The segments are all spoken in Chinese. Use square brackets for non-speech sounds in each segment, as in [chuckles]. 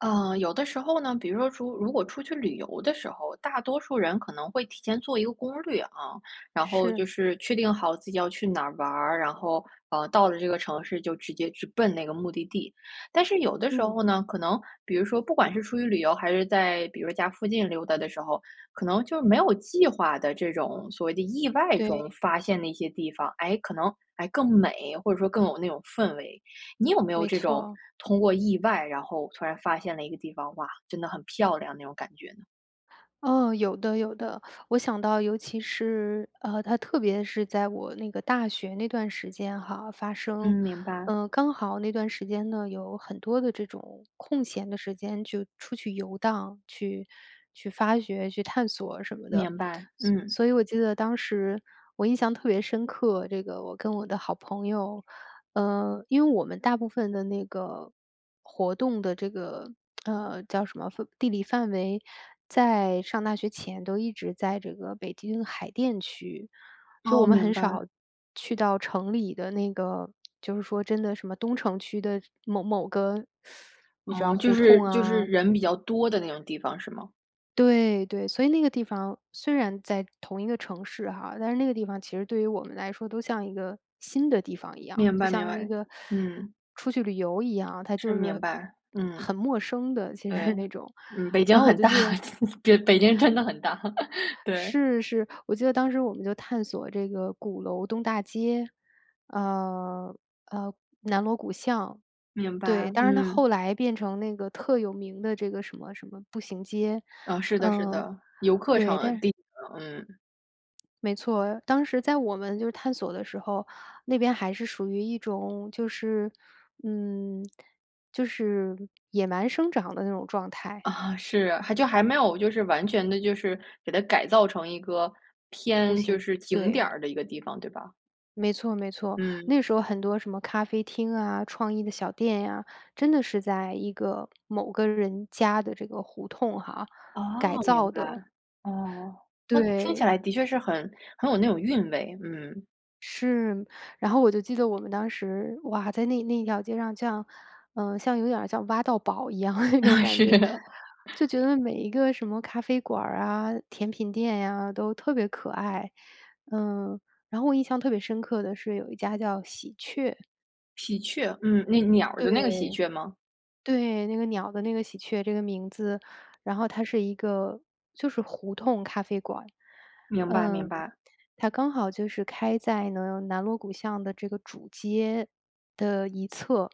呃，有的时候呢，比如说出如果出去旅游的时候，大多数人可能会提前做一个攻略啊，然后就是。是确定好自己要去哪儿玩儿。然后，呃，到了这个城市就直接去奔那个目的地。但是有的时嗯。候呢，可能比如说不管是出于旅游，还是在比如家附近溜达的时候，可能就没有计划的这种所谓的意外中对。发现的一些地方，哎？可能，哎，更美，或者说更有那种氛围。你有没有没这种错。通过意外，然后突然发现了一个地方-哇，真的很漂亮-那种感觉呢？嗯，有的有的。[sucks teeth] 我想到尤其是，呃，它特别是在我那个大学那段时间哈发生。嗯，明白。呃，刚好那段时间呢，有很多的这种空闲的时间就出去游荡，去去发掘、去探索什么的。明白，所嗯。所以我记得当时我印象特别深刻，这个我跟我的好朋友，呃因为我们大部分的那个活动的这个，[smacks lips] 呃，叫什么范地理范围，在上大学前都一直在这个北京海淀区。就我哦，们明很白。少去到城里的那个就是说真的什么东城区的某某个，[sucks teeth] 你知哦，道就胡是同就是啊人比较多的那种地方是吗？对，对。所以那个地方虽然在同一个城市哈，但是那个地方其实对于我们来说都像一个新的地方一样，明就白明像一白，个 [sucks teeth] 嗯。出去旅游一样，它是，就是明白，嗯。很陌生的，其实对，是那种，嗯，北京然后我很就大，记得就北京真的很大，对。是，是。我记得当时我们就探索这个鼓楼东大街。呃，呃，南锣鼓巷。明对，白，但是它嗯。后来变成那个特有名的这个什么什么步行街。啊，是的是嗯，的，游客对，但常是地的，嗯。没错。当时在我们就是探索的时候，那边还是属于一种就是，嗯，就是野蛮生长的那种状态。啊，是，还就还没有就是完全地，就是，给它改造成一个步偏，行，就是，景点对。儿的一个地方，对吧？没错，没错，嗯。那时候很多什么咖啡厅啊、创意的小店呀，真的是在一个某个人家的这个胡同哈，哦，改明造白。的。哦，那听起对。来的确是很很有那种韵味。嗯。是。然后我就记得我们当时，哇，在那那一条街上像，呃，像有点像挖到宝一样的那种感是。觉，就觉得每一个什么咖啡馆儿啊、甜品店呀，都特别可爱，嗯，然后我印象特别深刻的是有一家叫”喜鹊“。喜鹊，嗯，那鸟儿的那个喜对，鹊吗？对。那个鸟的那个喜鹊这个名字，然后它是一个就是胡同咖啡馆。明白，明嗯，白。它刚好就是开在呢，南锣鼓巷的这个主街的一侧，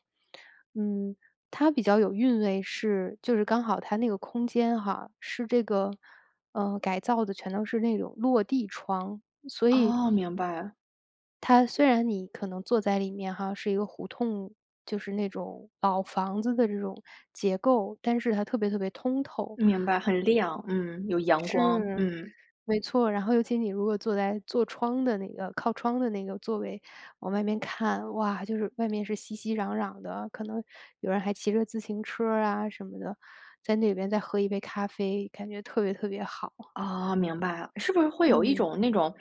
嗯。它比较有韵味是就是刚好它那个空间哈，是这个，呃，改造的全都是那种落地窗。所以，哦，明白。它虽然你可能坐在里面哈，是一个胡同，就是那种，老房子的这种结构，但是它特别特别通透。明白，很亮，嗯，有阳光，是，嗯。没错儿，然后尤其你如果坐在坐窗的那个靠窗的那个座位，往外面看。哇，就是外面是熙熙攘攘的，可能有人还骑着自行车儿啊什么的，在那边再喝一杯咖啡，感觉特别特别好。哦，明白了。是不是会有一嗯。种那种，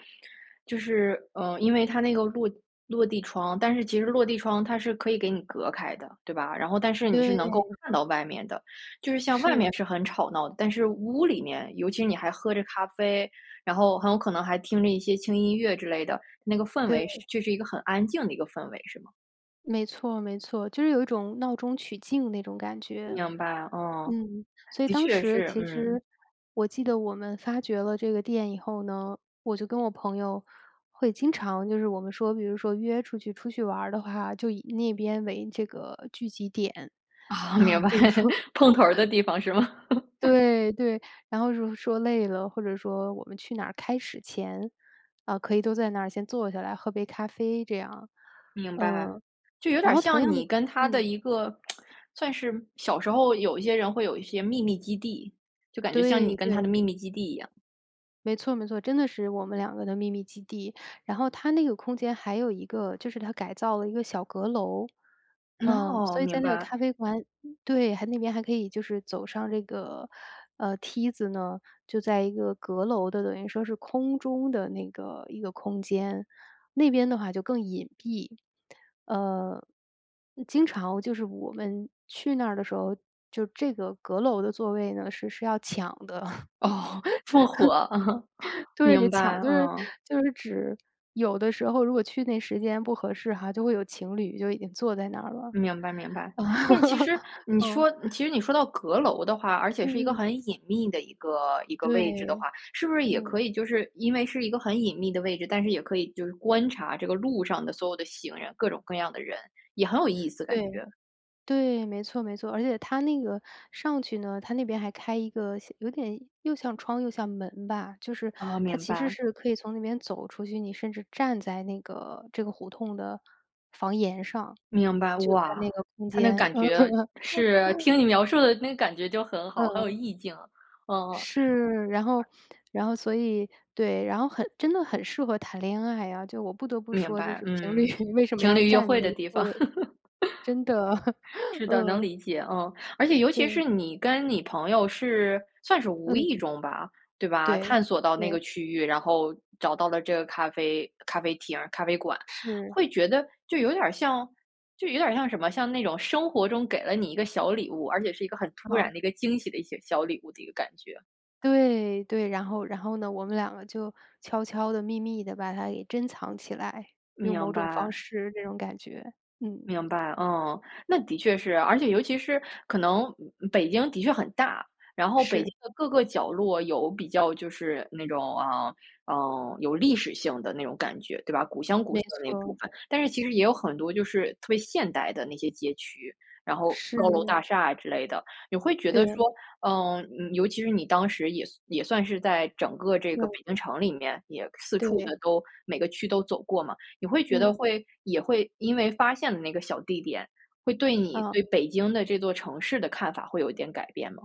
就是，呃，因为它那个落落地窗，但是其实落地窗它是可以给你隔开的，对吧？然后但是你是能够对。看到外面的，就是像外面是。是很吵闹，但是屋里面，尤其你还喝着咖啡，然后很有可能还听着一些轻音乐之类的，那个氛围是对。就是一个很安静的一个氛围，是吗？没错，没错，就是有一种闹中取静那种感觉。明白，嗯，嗯，所以的当确时是，其嗯。实我记得我们发掘了这个店以后呢，我就跟我朋友会经常就是我们说比如说约出去出去玩儿的话，就以那边为这个聚集点，哦，明啊，白，就是说 [chuckles] 碰头儿的 [laughs] 地方是吗？[laughs] 对，对，然后说说累了，或者说我们去哪儿开始前，啊，可以都在那儿先坐下来喝杯咖啡这样，明白，嗯，就有然点后同像样的你跟他的嗯。一个，[smacks lips] 算是小时候有一些人会有一些秘密基地，就感觉像你对，跟他的对。秘密基地一样。没错，没错，真的是我们2个的秘密基地。然后它那个空间还有一个就是它改造了一个小阁楼。嗯，哦，所以在明那个白。咖啡馆对还那边还可以就是走上这个，呃，梯子呢，就在一个阁楼的，等于说是空中的那个，一个空间，那边的话就更隐蔽。呃，经常就是我们去那儿的时候，就这个阁楼的座位呢，是是要抢的。哦，这么火，嗯。[laughs] [laughs] 对，就明白，抢就是啊。就是指有的时候如果去那时间不合适哈，就会有情侣就已经坐在那儿了。明白明白。啊，但其实 [laughs] 你嗯。说其实你说到阁楼的话，而且是一个嗯，嗯。很隐秘的一个一个对，位置的话，是不是也嗯。可以就是因为是一个很隐秘的位置，但是也可以就是观察这个路上的所有的行人，各种各样的人，也很有意思感对。觉。对，没错没错，而且它那个上去呢，它那边还开一个像有点又像窗又像门吧，就是哦，它明其实白。是可以从那边走出去，你甚至站在那个这个胡同的房檐上，明白，就在那哇，个空它那间。感觉是，[laughs] 听你描述的那个感觉就很好，很有嗯。意境啊，嗯嗯。是，然后然后所以对，然后很真的很适合谈恋爱啊，就我不得不明说就白，是情侣嗯，为什么情要侣约占会那的个地方。座位。真的，[chuckles] [laughs] 是的，能嗯。理解，嗯。而且尤其对。是你跟你朋友是算是无嗯。意中吧，对吧？对，探索到那个对。区域，然后找到了这个咖啡咖啡厅儿咖啡馆，是。会觉得就有点儿像就有点儿像什么，像那种生活中给了你一个小礼物，而且是一个很突好。然的一个惊喜的一些小礼物的一个感觉。对，对。然后然后呢，我们2个就悄悄地、秘密地把它给珍藏起来，用某明种方白。式那种感觉，嗯。明白，嗯。那的确是。而且尤其是可能北京的确很大，然后北京是。的各个角落有比较就是那种，啊，呃，有历史性的那种感觉，对吧？古香古没色的那部错。分。但是其实也有很多就是特别现代的那些街区，然后高楼是。大厦啊之类的。你会觉得对。说，嗯，嗯，尤其是你当时也算也算是在整个这个北嗯。京城里面也四处对。的都每个区都走过嘛。你会觉得嗯。会也会因为发现了那个小地点，会对你啊。对北京的这座城市的看法会有一点改变吗？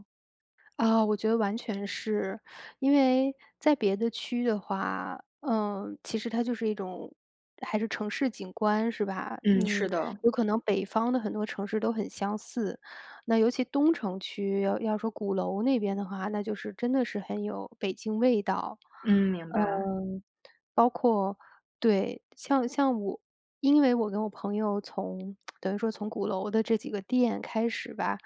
啊，我觉得完全是。因为在别的区域的话，呃，其实它就是一种还是城市景观是吧？嗯，嗯，是的。有可能北方的很多城市都很相似。那尤其东城区要要说鼓楼那边的话，那就是真的是很有北京味道。嗯，明呃，白。包括对，像像我因为我跟我朋友从 [smacks lips] 等于说从鼓楼的这几个店开始吧，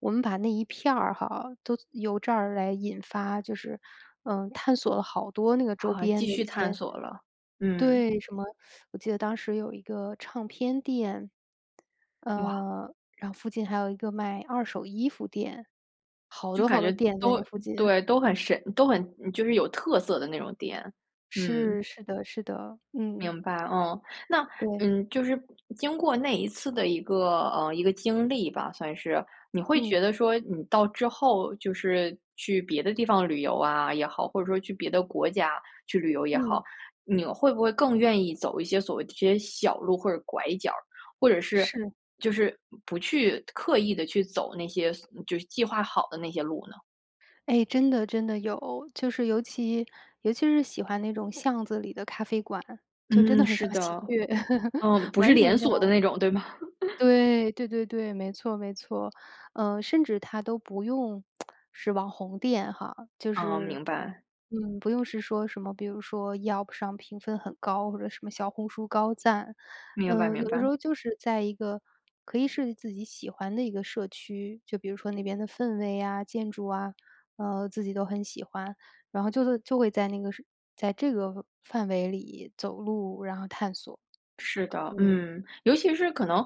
我们把那一片儿哈，都由这儿来引发，就是，嗯，探索了好多那个周啊，边继的一续探些索了，嗯。对，什么，[sucks teeth] 我记得当时有一个唱片店。哇。呃，然后附近还有一个卖二手衣服店。好就多感好多觉店在都那附近。对，都很审都很嗯，就是有特色的那种店。嗯。是，是的，是的，嗯。明白，哦。那，对。嗯，就是经过那一次的一个，呃，一个经历吧，算是。你会嗯。觉得说你到之后就是，去别的地方旅游啊，也好，或者说去别的国家去旅游也好，嗯。你会不会更愿意走一些所谓这些小路或者拐角儿，或者是是。就是不去刻意地去走那些所嗯，就是计划好的那些路呢？哎，真的真的有。就是尤其尤其是喜欢那种巷子里的咖啡馆，就真嗯，的很是像喜的。鹊 [laughs] 嗯，不是完连全像。锁的那种，对吧？[laughs] 对，对对对，没错，没错。呃，甚至它都不用 [smacks lips] 是网红店哈，就嗯，是明白。嗯，不用是说什么，比如说要不上评分很高或者什么小红书高赞。明白，呃，明有的时白。候就是在一个可以是自己喜欢的一个社区，就比如说那边的氛围啊、建筑啊，呃，自己都很喜欢，然后就就就会在那个什在这个范围里走路，然后探索，是的，嗯。嗯，尤其是可能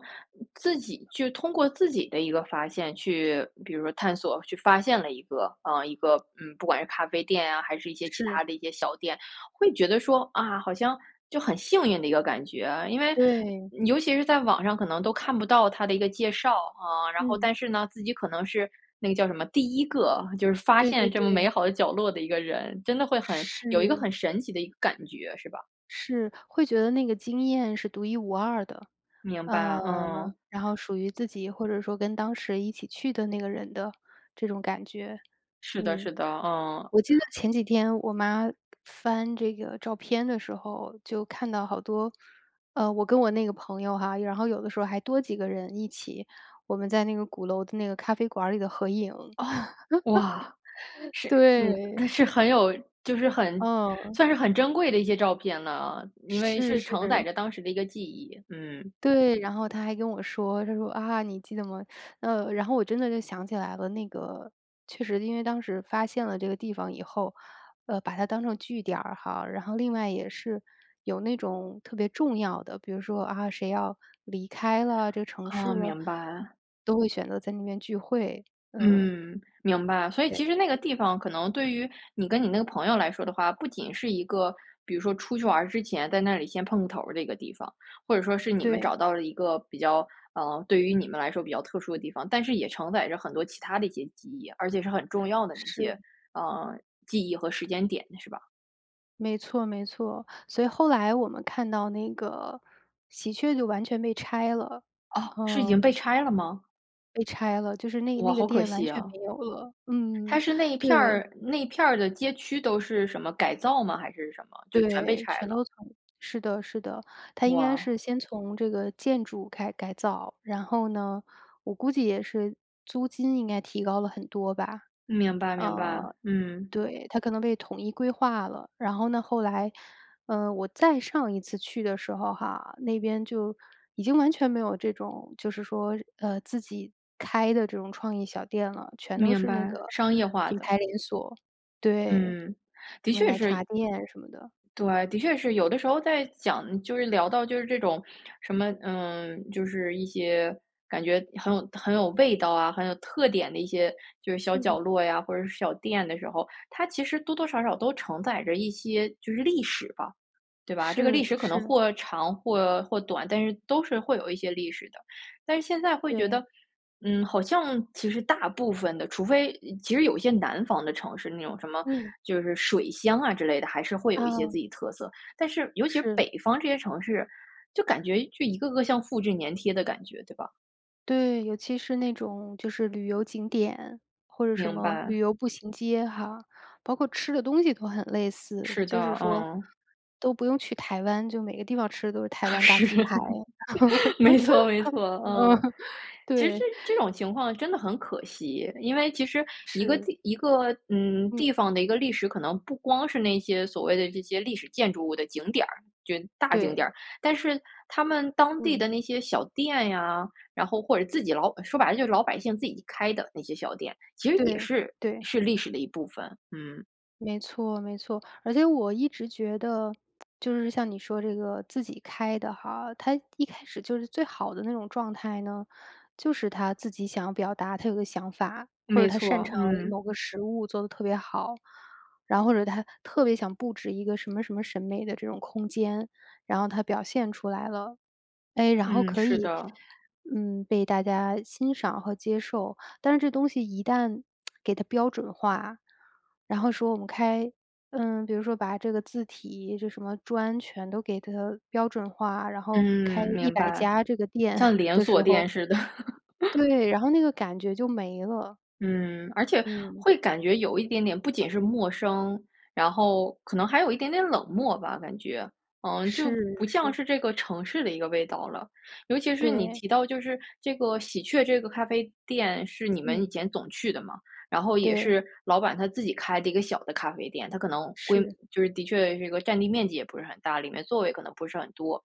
自己就通过自己的一个发现去比如说探索去发现了一个，呃，一个，嗯，不管是咖啡店啊，还是一些其是。他的一些小店，会觉得说，啊，好像就很幸运的一个感觉。因为对。尤其是在网上可能都看不到它的一个介绍，啊，然后嗯。但是呢，自己可能是，那个叫什么，第1个就是发对现对这么美对。好的角落的一个人，真的会很有一个是。很神奇的一个感觉，是吧？是，会觉得那个经验是独一无二的。明呃，白，嗯。然后属于自己或者说跟当时一起去的那个人的这种感觉，是的，嗯。是的，嗯。我记得前几天我妈翻这个照片的时候，就看到好多，呃，我跟我那个朋友哈，然后有的时候还多几个人一起，我们在那个鼓楼的那个咖啡馆儿里的合影。哦！哇，[laughs] 是对。嗯，是很有就是很嗯。算是很珍贵的一些照片了啊，因为是，是承载是。着当时的一个记忆，嗯。对，然后她还跟我说，她说：“啊，你记得吗？”呃，然后我真的就想起来了。那个确实因为当时发现了这个地方以后，呃，把它当成据点儿哈，然后另外也是，有那种特别重要的，比如说，啊，谁要离开了这个城市哦，了，明白。都会选择在那边聚会，嗯。嗯，明白，所以其对。实那个地方可能对于你跟你那个朋友来说的话，不仅是一个，比如说出去玩之前在那里先碰个头儿的一个地方，或者说是你们对。找到了一个比较，呃，对于你们来说比较特殊的地方，但是也承载着很多其他的一些记忆，而且是很重要的那是。些，呃，记忆和时间点是吧？没错，没错。所以后来我们看到那个喜鹊就完全被拆了，哦，是已经嗯。被拆了吗？被拆了，就是那哇，那个好可店完惜全啊。没有了，嗯，它是那一片对。儿那一片儿的街区都是什么？改造吗？还是什么？就全被对，拆全了。都从是的，是的。它应该哇。是先从这个建筑开改造。然后呢，我估计也是租金应该提高了很多吧，明白，明白，呃，嗯。对，它可能被统一规划了。然后呢，后来，呃，我再上一次去的时候哈，那边就已经完全没有这种，就是说，呃，自己开的这种创意小店了，全都明是那白，个商业化品的。牌连锁。对，嗯，的什么确奶茶是店什么的。对，的确是有的时候在讲就是聊到就是这种什么，嗯，就是一些感觉很有很有味道啊、很有特点的一些，就是小角嗯。落呀，或者是小店的时候，它其实多多少少都承载着一些就是历史吧，对吧？这个是，历史可能是。或长或，或短，但是都是会有一些历史的。但是现在会觉对。得，嗯，好像其实大部分的，除非嗯其实有一些南方的城市，那种什么嗯。就是水乡啊之类的，还是会有一些哦。自己特色。但是尤其是是。北方这些城市，就感觉就一个个像复制黏贴的感觉，对吧？对，尤其是那种就是旅游景点，或者什明么白。旅游步行街哈，包括吃的东西都很类似。是就是的，说嗯。都不用去台湾，就每个地方吃的都是台啊湾大是，鸡排。没错，没错，[laughs] 嗯。嗯，其实对。这 [chuckles] 种情况真的很可惜，因为其实一个是。地一个，嗯，嗯。地方的一个历史，可能不光是那些所谓的这些历史建筑物的景点儿，就是大景点对。儿。但是他们当地嗯。的那些小店呀，然后或者自己老说白了就是老百姓自己开的那些小店，其实也对，是对。是历史的一部分。嗯。没错，没错。而且我一直觉得，就是像你说这个自己开的哈，它一开始就是最好的那种状态呢，就是他自己想表达他有个想法，或者没他擅错，长嗯。某个食物做得特别好，然后或者他特别想布置一个什么什么审美的这种空间，然后他表现出来了。哎，然后嗯，可是以，的。嗯，被大家欣赏和接受。但是这东西一旦 [smacks lips] 给它标准化，然后说我们开嗯，比如说把这个字体是什么，专全都给 它 标准化，然后开嗯，一明百白。家这个店像 [chuckles] 连的锁时店候似的。[laughs] 对，然后那个感觉就没了。嗯，而且嗯。会感觉有一点点不仅是陌生，然后可能还有一点点冷漠吧，感觉。嗯，就是，不像是。是这个城市的一个味道了。尤其是你对。提到就是这个喜鹊这个咖啡店是你们以嗯。前总去的嘛，然后也对。是老板他自己开的一个小的咖啡店，他可能规是。就是的确这个占地面积也不是很大，里面座位可能不是很多。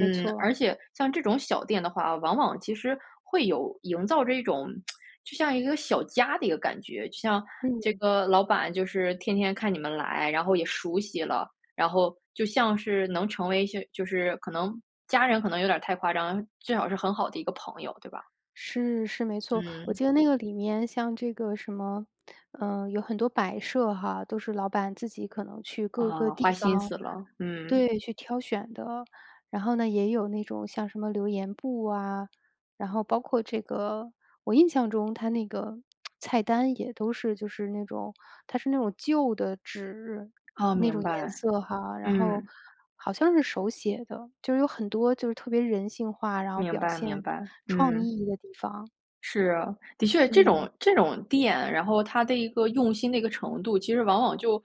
没错。而且像这种小店的话，往往其实会有营造这种 [smacks lips] 就像一个小家的一个感觉，就像这嗯。个老板就是天天看你们来，然后也熟悉了，然后就像是能成为一些就是可能家人可能有点太夸张，最好是很好的一个朋友，对吧？是，是没错。我嗯。记得那个里面像这个什么，呃，有很多摆设哈，都是老板自己可能去各个啊，花地心方思了，嗯。对，去挑选的。然后呢也有那种像什么留言簿啊，然后包括这个我印象中他那个，[smacks lips] 菜单也都是就是那种它是那种旧的纸，哦，那种明颜白，色哈，然后嗯。好像是手写的。就是有很多就是特别人性化，然后明表白，现明白，创嗯。意的地方。是啊，的确这嗯。种这种店，然后它的一个用心的一个程度，其实往往就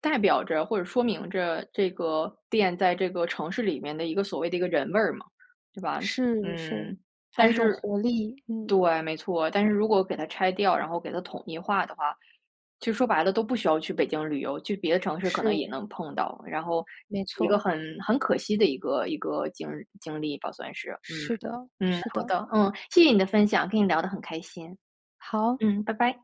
代表着，或者说明着这个店在这个城市里面的一个所谓的一个人味儿嘛，对吧？是，是，嗯，还但有一种是活力，嗯。对，没错，但是如果给它拆掉，然后给它统一化的话，其实说白了都不需要去北京旅游，去别的城市可能是。也能碰到。然后没一个错。很很可惜的一个一个经经历吧，算是。是的，嗯，嗯，是好的。的，嗯，谢谢你的分享，跟你聊得很开心。好。嗯，拜拜。